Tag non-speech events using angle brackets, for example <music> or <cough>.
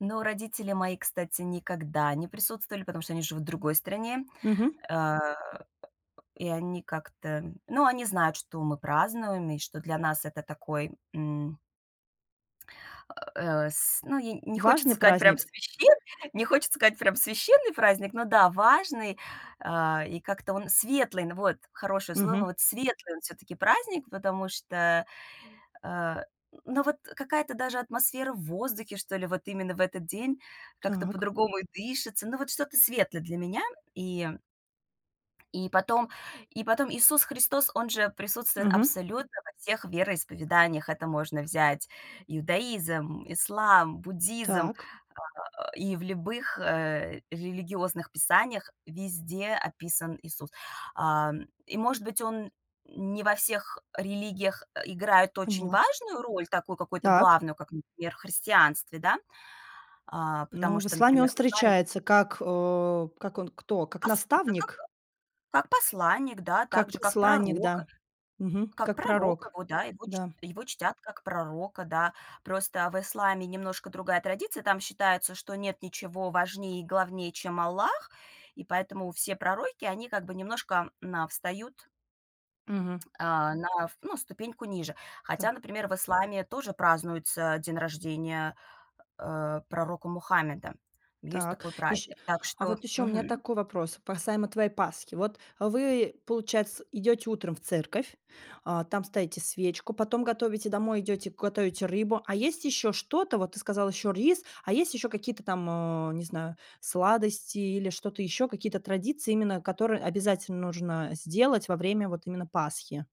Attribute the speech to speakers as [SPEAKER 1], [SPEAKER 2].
[SPEAKER 1] Но родители мои, кстати, никогда не присутствовали, потому что они живут в другой стране.
[SPEAKER 2] Мгм.
[SPEAKER 1] Э, и они как-то, ну, они знают, что мы празднуем и что для нас это такой, м <grunts> Э, с ну и не хочется
[SPEAKER 2] Важный
[SPEAKER 1] сказать прям
[SPEAKER 2] праздник.
[SPEAKER 1] священ не хочется сказать, прям священный праздник, но да, важный, а, и как-то он светлый. Н вот, хорошее слово,
[SPEAKER 2] Мгм.
[SPEAKER 1] вот светлый он, всё-таки, праздник, потому что, а, ну, вот какая-то даже атмосфера в воздухе, что ли, вот именно в этот день, как-то
[SPEAKER 2] Так.
[SPEAKER 1] по-другому и дышится. Ну вот что-то светлое для меня, и и потом и потом Иисус Христос- он же присутствует
[SPEAKER 2] Мгм.
[SPEAKER 1] абсолютно во всех вероисповеданиях. Это можно взять иудаизм, ислам, буддизм,
[SPEAKER 2] Так.
[SPEAKER 1] э, и в любых, э, религиозных писаниях везде описан Иисус. А, и, может быть, он не во всех религиях, э, играет очень
[SPEAKER 2] Поняла.
[SPEAKER 1] важную роль, такую какую-то
[SPEAKER 2] Так.
[SPEAKER 1] главную, как, например, в христианстве, да. А, потому
[SPEAKER 2] Ну, в
[SPEAKER 1] что,
[SPEAKER 2] исламе он
[SPEAKER 1] например, в исламе <unintelligible>
[SPEAKER 2] встречается как, э, как он, кто, как
[SPEAKER 1] Пос у да, как
[SPEAKER 2] наставник?
[SPEAKER 1] как посланник, да,
[SPEAKER 2] Как
[SPEAKER 1] также, как
[SPEAKER 2] посланник, да,
[SPEAKER 1] пророка
[SPEAKER 2] мгм,
[SPEAKER 1] как
[SPEAKER 2] как
[SPEAKER 1] пророка
[SPEAKER 2] пророк.
[SPEAKER 1] его, да, его чт
[SPEAKER 2] Да.
[SPEAKER 1] его чтят, как пророка, да. Просто в исламе немножко другая традиция. Там считается, что нет ничего важнее и главнее чем Аллах, и поэтому все пророки они как бы немножко, м, на встают
[SPEAKER 2] Мгм.
[SPEAKER 1] а, на ну, на ступеньку ниже.
[SPEAKER 2] Та.
[SPEAKER 1] Хотя, например, в исламе тоже празднуется день рождения, э, пророка Мухаммеда. Есть
[SPEAKER 2] Так.
[SPEAKER 1] такой
[SPEAKER 2] Ещ
[SPEAKER 1] праздник. Так
[SPEAKER 2] а
[SPEAKER 1] что
[SPEAKER 2] вот ещё у меня
[SPEAKER 1] мгм.
[SPEAKER 2] такой вопрос, касаемо твоей Пасхи. Вот, э, вы, получается, идете утром в церковь, а, там ставите свечку, потом готовите домой, идёте, готовите рыбу, а есть ещё что-то? Вот ты сказала ещё рис, а есть ещё какие-то там, э, не знаю, сладости или что-то ещё, какие-то традиции, именно которые обязательно нужно сделать во время вот именно Пасхи?